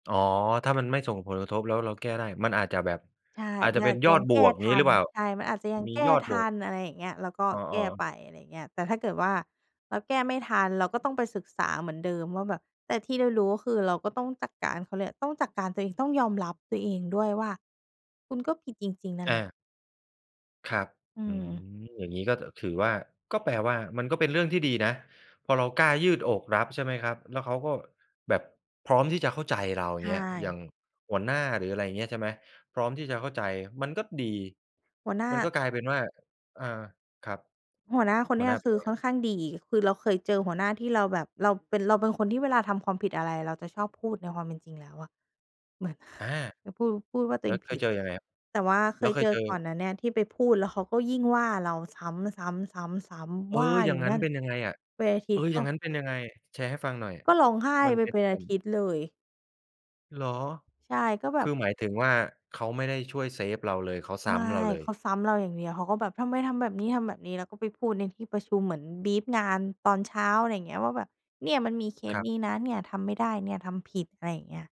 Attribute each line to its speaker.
Speaker 1: อ๋อ ถ้ามันไม่ส่งผลกระทบ แล้วเราแก้ได้ มันอาจจะแบบ
Speaker 2: ใช่
Speaker 1: อาจ
Speaker 2: ม
Speaker 1: จะ
Speaker 2: ัน
Speaker 1: เป
Speaker 2: อ
Speaker 1: ็
Speaker 2: า
Speaker 1: น
Speaker 2: จจะ
Speaker 1: ยอ
Speaker 2: ยั
Speaker 1: ด
Speaker 2: ง
Speaker 1: บ
Speaker 2: แก้
Speaker 1: วก
Speaker 2: ท
Speaker 1: งี้
Speaker 2: ั
Speaker 1: หรื
Speaker 2: น
Speaker 1: อเปล่า?
Speaker 2: ใช่ มันอาจจะยัง
Speaker 1: มี
Speaker 2: แก้
Speaker 1: ยอด
Speaker 2: ท
Speaker 1: บว
Speaker 2: ั
Speaker 1: ก
Speaker 2: น อะไรอย่างเงี้ย เราก็
Speaker 1: อ๋อ
Speaker 2: แก้ไ
Speaker 1: ๆ
Speaker 2: ป อะไรอย่างเงี้ย แต่ถ้าเกิดว่าเราแก้ไม่ทัน เราก็ต้องไปศึกษาเหมือนเดิมว่าแบบ แต่ที่เรารู้ก็คือเราก็ต้องจัดการ เขาเรียกต้องจัดการตัวเอง ต้องยอมรับตัวเองด้วยว่าคุณก็ผิดจริง ๆ นั่น
Speaker 1: อ
Speaker 2: แหละ
Speaker 1: า ครับ
Speaker 2: อื
Speaker 1: อื
Speaker 2: ม
Speaker 1: ม อย่างงี้ก็ อ ถือว่า ก็แปลว่ามันก็เป็นเรื่องที่ดีนะ พอเรากล้ายืดอกรับ ใช่ไหมครับ แล้วเขาก็แบบพร้อมที่จะเข้าใจเรา อ
Speaker 2: ใ
Speaker 1: ย่
Speaker 2: ช
Speaker 1: างเงี้ย อย่า
Speaker 2: ่
Speaker 1: งหัวหน้า หรืออะไรอย่างเงี้ย ใช่ไหม พร้อมที่จะเข้าใจ มันก็ดี
Speaker 2: หัวหน้า
Speaker 1: มันก็กลายเป็นว่า อา ครับ
Speaker 2: หัวหน้าคน
Speaker 1: ห
Speaker 2: เ
Speaker 1: ั
Speaker 2: นี
Speaker 1: ว
Speaker 2: ้
Speaker 1: หน
Speaker 2: ย
Speaker 1: ้าเป
Speaker 2: ค
Speaker 1: ็น
Speaker 2: ือ
Speaker 1: ไง
Speaker 2: ค่
Speaker 1: คร
Speaker 2: อ
Speaker 1: ับ?
Speaker 2: นข้างดี คือเราเคยเจอหัวหน้าที่เราแบบ เราเป็น เราเป็นคนที่เวลาทำความผิดอะไร เราจะชอบพูดในความเป็นจริงแล้วอะ เหมือน
Speaker 1: อา
Speaker 2: จะพูด พูดว่าตั
Speaker 1: แ
Speaker 2: ว
Speaker 1: ล
Speaker 2: เ
Speaker 1: ้
Speaker 2: อ
Speaker 1: ว
Speaker 2: ง
Speaker 1: เค
Speaker 2: ผ
Speaker 1: ย
Speaker 2: ิด
Speaker 1: เจอยังไงครับ?
Speaker 2: แต่ว่าเค
Speaker 1: แล้ว
Speaker 2: ย
Speaker 1: เค
Speaker 2: เจ
Speaker 1: ยเ
Speaker 2: อ
Speaker 1: จอ
Speaker 2: ก่อนเนี่ยที่ไปพูด แล้วเขาก็ยิ่งว่าเราซ้ำ ๆ ๆ
Speaker 1: เอ
Speaker 2: ๆ ว
Speaker 1: อ
Speaker 2: ่า
Speaker 1: อย่
Speaker 2: อย
Speaker 1: าง
Speaker 2: ู่
Speaker 1: งั
Speaker 2: น
Speaker 1: ้
Speaker 2: ั
Speaker 1: น
Speaker 2: ่น
Speaker 1: เป็นยังไงอะ
Speaker 2: เป็นอาท
Speaker 1: เ
Speaker 2: ิ
Speaker 1: อ
Speaker 2: ต
Speaker 1: อ
Speaker 2: ย์
Speaker 1: อ
Speaker 2: ก
Speaker 1: ย
Speaker 2: ็
Speaker 1: ่างงั้นเป็นยังไง? แชร์ให้ฟังหน่อย
Speaker 2: ก็ร้องไห้
Speaker 1: มัน
Speaker 2: ไป
Speaker 1: เป็
Speaker 2: เ
Speaker 1: น
Speaker 2: ป็น
Speaker 1: เป
Speaker 2: อ
Speaker 1: ิ
Speaker 2: า
Speaker 1: ่น
Speaker 2: ทิตย์เลย
Speaker 1: เหรอ
Speaker 2: ใช่ ก็แบ
Speaker 1: คื
Speaker 2: บ
Speaker 1: อหมายถึงว่าเขาไม่ได้ช่วยเซฟเราเลย เขาซ้
Speaker 2: ไม่
Speaker 1: ำเราเล
Speaker 2: เ
Speaker 1: ย
Speaker 2: ขาซ้ำเราอย่างเดียว เขาก็แบบ "ทำไมทำแบบนี้ ทำแบบนี้" แล้วก็ไปพูดในที่ประชุม เหมือน บรีฟ งานตอนเช้า อะไรอย่างเงี้ย ว่าแบบ "เนี่ยมันมีเค
Speaker 1: ค
Speaker 2: ส
Speaker 1: รับ
Speaker 2: นี้นะ เนี่ยทำไม่ได้ เนี่ยทำผิด" อะไรอย่างเงี้ย